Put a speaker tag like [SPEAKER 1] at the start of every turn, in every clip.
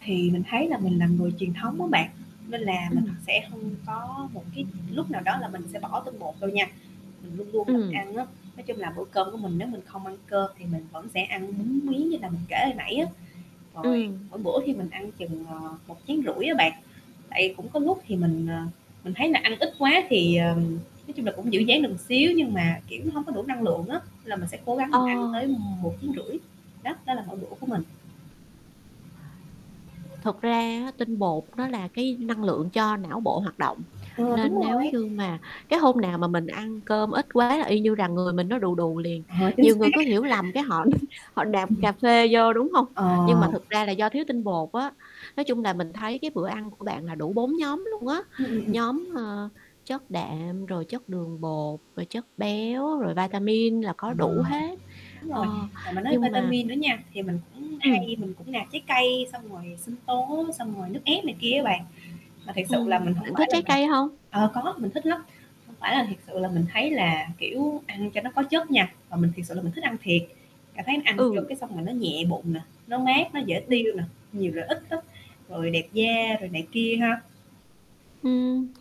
[SPEAKER 1] Thì mình thấy là mình là người truyền thống á bạn, nên là mình
[SPEAKER 2] Ừm.
[SPEAKER 1] sẽ hông có một cái lúc nào đó là mình sẽ bỏ tinh bột đâu nha, mình luôn luôn là
[SPEAKER 2] Ừm.
[SPEAKER 1] ăn á. Nói chung là bữa cơm của mình nếu mình không ăn cơm thì mình vẫn sẽ ăn bún miến, như là mình kể hồi nãy á. Rồi
[SPEAKER 2] Ừm.
[SPEAKER 1] mỗi bữa thì mình ăn chừng, ờ, một chén rưỡi á bạn, tại vì cũng có lúc thì mình, ờ, mình thấy là ăn ít quá, thì, ờm, nói chung là cũng giữ dáng được xíu, nhưng mà, kiểu, hông có đủ năng lượng á là mình sẽ cố gắng
[SPEAKER 2] Ờ.
[SPEAKER 1] mình ăn tới m một chén rưỡi. Đó, đó là mỗi bữa của mình.
[SPEAKER 2] Thực ra á tinh bột nó là cái năng lượng cho não bộ hoạt động,
[SPEAKER 1] Ờ, đúng
[SPEAKER 2] nên nếu
[SPEAKER 1] rồi.
[SPEAKER 2] như mà cái hôm nào mà mình ăn cơm ít quá là y như rằng người mình nó đù đù liền.
[SPEAKER 1] Ờ, chính
[SPEAKER 2] Nhiều
[SPEAKER 1] xác.
[SPEAKER 2] người cứ hiểu lầm, cái họ họ nạp
[SPEAKER 1] Ừm.
[SPEAKER 2] cà phê vô, đúng hông? Nhưng mà
[SPEAKER 1] Ờ.
[SPEAKER 2] thực ra là do thiếu tinh bột á. Nói chung là mình thấy cái bữa ăn của bạn là đủ 4 nhóm luôn á.
[SPEAKER 1] Ừm, ừm, ừm.
[SPEAKER 2] Nhóm, ờ, chất đạm, rồi chất đường bột, rồi chất béo, rồi vitamin là có
[SPEAKER 1] Ờ.
[SPEAKER 2] đủ hết.
[SPEAKER 1] Đúng
[SPEAKER 2] Ờ,
[SPEAKER 1] rồi, tại mình nói
[SPEAKER 2] nhưng mà
[SPEAKER 1] vitamin nữa nha, thì mình cũng
[SPEAKER 2] Ừm.
[SPEAKER 1] hay, mình cũng nạp trái cây, xong rồi sinh tố, xong rồi nước ép này kia á bạn. Mà thiệt sự là
[SPEAKER 2] Ừm,
[SPEAKER 1] mình hông
[SPEAKER 2] bạn
[SPEAKER 1] phải
[SPEAKER 2] thích
[SPEAKER 1] là
[SPEAKER 2] trái
[SPEAKER 1] mình
[SPEAKER 2] cây hông?
[SPEAKER 1] ờ, có mình thích lắm, không phải là thiệt sự là mình thấy là, kiểu, ăn cho nó có chất nha, mà mình thiệt sự là mình thích ăn thiệt, cảm thấy mình ăn vô
[SPEAKER 2] Ừ.
[SPEAKER 1] cái xong là nó nhẹ bụng nè, nó mát, nó dễ tiêu
[SPEAKER 2] Ừm.
[SPEAKER 1] nè, nhiều lợi ích lắm, rồi đẹp da rồi này kia ha.
[SPEAKER 2] Ừm,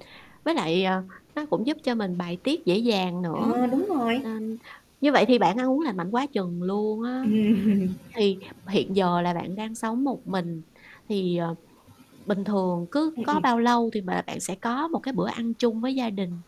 [SPEAKER 2] với lại, ờ, nó cũng giúp cho mình bài tiết dễ dàng nữa,
[SPEAKER 1] Ờ, đúng rồi.
[SPEAKER 2] nên như vậy thì bạn ăn uống lành mạnh quá chừng luôn á.
[SPEAKER 1] Ừm.
[SPEAKER 2] Thì hiện giờ là bạn đang sống một mình thì, ờ, bình thường cứ
[SPEAKER 1] Ừm,
[SPEAKER 2] có
[SPEAKER 1] ừm.
[SPEAKER 2] bao lâu thì b bạn sẽ có một cái bữa ăn chung với gia đình?